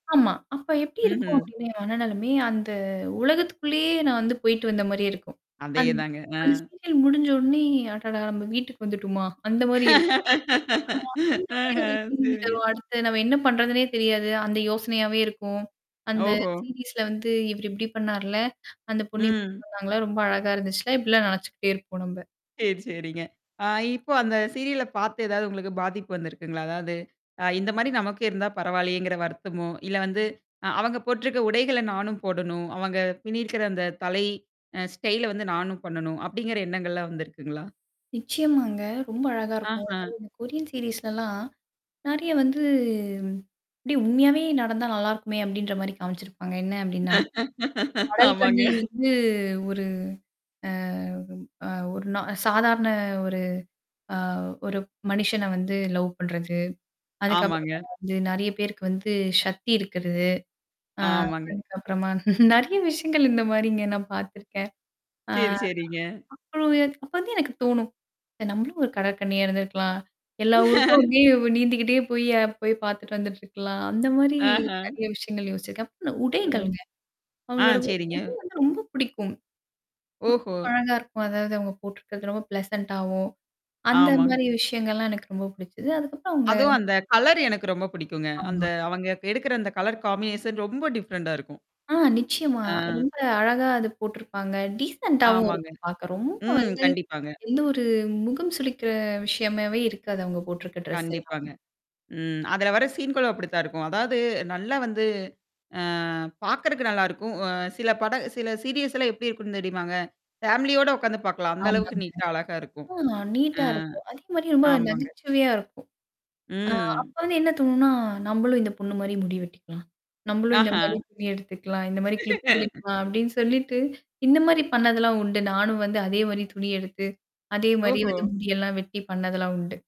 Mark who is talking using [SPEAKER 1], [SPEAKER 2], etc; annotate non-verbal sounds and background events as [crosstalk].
[SPEAKER 1] ஆமா. அப்ப எப்படி இருக்கும்
[SPEAKER 2] ம்ஹ்ம்.
[SPEAKER 1] அப்டின்னா, என் மனநிலமை, அந்த உலகத்துக்குள்ளேயே நான் வந்து போயிட்டு வந்த மாரியே இருக்கும். அந்
[SPEAKER 2] அதேதாங்க. அ.
[SPEAKER 1] அந்த சீரியல் முடிஞ்ச உடனே, "அடடா! நம்ம வீட்டுக்கு வந்துட்டோமா?" அந்த மாரி இருக்கும். ஆ அந்த மாரி
[SPEAKER 2] ஆஹ,
[SPEAKER 1] ஒரு ஃபீலிங்
[SPEAKER 2] சரிங்க.
[SPEAKER 1] தரும். அடுத்து நம்ம என்ன பண்றதுன்னே தெரியாது. அந்த யோசனையாவே இருக்கும். "அந்த
[SPEAKER 2] ஓஹோ!
[SPEAKER 1] சீரிஸ்ல வந்து இவர் இப்படி பண்ணார்ல? அந்த பொண்ணு இப்பிடி
[SPEAKER 2] ம்.
[SPEAKER 1] பண்ணாங்கள்ல. ரொம்ப அழகா இருந்துச்சுல." இப்பிடிலாம் நினச்சுக்கிட்டே இருப்போம் நம்ப.
[SPEAKER 2] சரி, சரிங்க. ஆ இப்போ அந்த சீரியல பார்த்து ஏதாவது உங்களுக்கு பாதிப்பு வந்திருக்குங்களா? அதாவது, அ இந்த மாரி நமக்கும் இருந்தா பரவாயில்லையேங்கிற வருத்தமோ, இல்ல வந்து அ அவங்க போட்டுருக்க உடைகள நானும் போடணும். அவங்க பின்னிருக்கிற அந்த தலை அ ஸ்டைல வந்து நானும் பண்ணணும், அப்படிங்கிற எண்ணங்கள்லாம் வந்திருக்குங்களா?
[SPEAKER 1] நிச்சயமாங்க. ரொம்ப அழகா இருக்கும்.
[SPEAKER 2] ஆஹா.
[SPEAKER 1] அதாவது இந்த கொரியன் சீரிஸ்லல்லாம். நெறைய வந்து, "அப்டி உண்மையாவே நடந்தா நல்லாருக்குமே!" அப்டின்ற மாரி காமிச்சிருப்பாங்க. என்ன அப்டின்னா? கடல்
[SPEAKER 2] ஆமாங்க.
[SPEAKER 1] கன்னி வந்து ஒரு அ அ ஒரு நா சாதாரண ஒரு அ ஒரு மனுஷனை வந்து லவ் பண்றது. அதுக்கப்புறமா
[SPEAKER 2] ஆமாங்க.
[SPEAKER 1] வந்து நெறைய பேருக்கு வந்து சக்தி இருக்கிறது. ஆ
[SPEAKER 2] ஆமாங்க.
[SPEAKER 1] அதுக்கப்புறமா நெறைய விஷயங்கள் இந்த மாரி இங்க நான் பார்த்துருக்கேன்.
[SPEAKER 2] சரி, சரிங்க.
[SPEAKER 1] ஆ. [unintelligible] அப்ப இருந்தே எனக்கு தோணும். இ "நம்மளும் ஒரு கடற்கன்னியா இருந்திருக்கலாம். எல்லா ஊருக்கும்
[SPEAKER 2] [laughs]
[SPEAKER 1] அப்ப‍டியே நீந்திக்கிட்டே போய் அ போய் பார்த்துட்டு வந்துட்டுருக்கலாம்." அந்த மாரி
[SPEAKER 2] ஆஹா.
[SPEAKER 1] நெறைய விஷயங்கள் யோசிச்சிருக்கேன். அப்ப ந
[SPEAKER 2] ஒஹோ!
[SPEAKER 1] உடைகள்ங்க.
[SPEAKER 2] ஆ,
[SPEAKER 1] அவங்களோட உ உடை
[SPEAKER 2] சரிங்க.
[SPEAKER 1] வந்து ரொம்ப பிடிக்கும். ரொம்ப
[SPEAKER 2] ஓஹோ!
[SPEAKER 1] அழகா இருக்கும். அதாவது அவங்க போட்டுருக்கிறது ரொம்ப பிளசன்ட்டாவும். அந்த
[SPEAKER 2] ஆமாங்க.
[SPEAKER 1] மாரி விஷயங்கள்லாம் எனக்கு ரொம்ப பிடிச்சது. அதுக்கப்புறம் அவுங்க
[SPEAKER 2] அதுவும் அந்த கலரு எனக்கு ரொம்ப பிடிக்குங்க. அந்த
[SPEAKER 1] ஆமாங்க.
[SPEAKER 2] அவங்க எடுக்கிற அந்த கலர் காம்பினேஷன் ரொம்ப டிஃப்ரெண்டா இருக்கும்.
[SPEAKER 1] ஆ நிச்சயமா.
[SPEAKER 2] ஆ.
[SPEAKER 1] ரொம்ப அழகா அது போட்டுருப்பாங்க. டீசெண்ட்டாவும்
[SPEAKER 2] ஆமாங்க.
[SPEAKER 1] இருக்கும் பார்க்க. ரொம்ப
[SPEAKER 2] ம்.
[SPEAKER 1] வந்து,
[SPEAKER 2] கண்டிப்பாங்க.
[SPEAKER 1] எந்த ஒரு முகம் சுளிக்கிற விஷயமாவே இருக்காது, அவுங்க போட்டுருக்க ட்ரெஸ்
[SPEAKER 2] கண்டிப்பாங்க.
[SPEAKER 1] எல்லாமே.
[SPEAKER 2] ம். அதுல வர சீன்களும் அப்படித்தான் இருக்கும். அதாவது நல்லா வந்து அ பார்க்குறதுக்கு நல்லாருக்கும். அ சில பட சில சீரியல்ஸ்லாம் எப்டி இருக்குன்னு தெரியுமாங்க? ஃபேமிலியோட உட்காந்து பார்க்கலாம். அந்த
[SPEAKER 1] ஆமாங்க.
[SPEAKER 2] அளவுக்கு நீட்டா அழகா இருக்கும்.
[SPEAKER 1] ஆ
[SPEAKER 2] ஆ.
[SPEAKER 1] நீட்டா இருக்கும். அதே மாரி ரொம்ப
[SPEAKER 2] ஆமாங்க.
[SPEAKER 1] நகைச்சுவையா இருக்கும். அ
[SPEAKER 2] ம்.
[SPEAKER 1] அப்ப வந்து என்ன தோணும்னா, "நம்பளும் இந்த பொண்ணு மாரி முடி வெட்டிக்கலாம். நம்மளும் இந்த
[SPEAKER 2] ஆஹா.
[SPEAKER 1] மாரி துணி எடுத்துக்கலாம். இந்த மாரி கிளிப்
[SPEAKER 2] [laughs]
[SPEAKER 1] பண்ணிக்கலாம்." அப்படின்னு சொல்லிட்டு, இந்த மாரி பண்ணதெல்லாம் உண்டு. நானும் வந்து அதே மாரி துணி எடுத்து, அதே மாரி
[SPEAKER 2] ஓஹோ!
[SPEAKER 1] வந்து முடியெல்லாம் வெட்டி பண்ணதெல்லாம் உண்டு.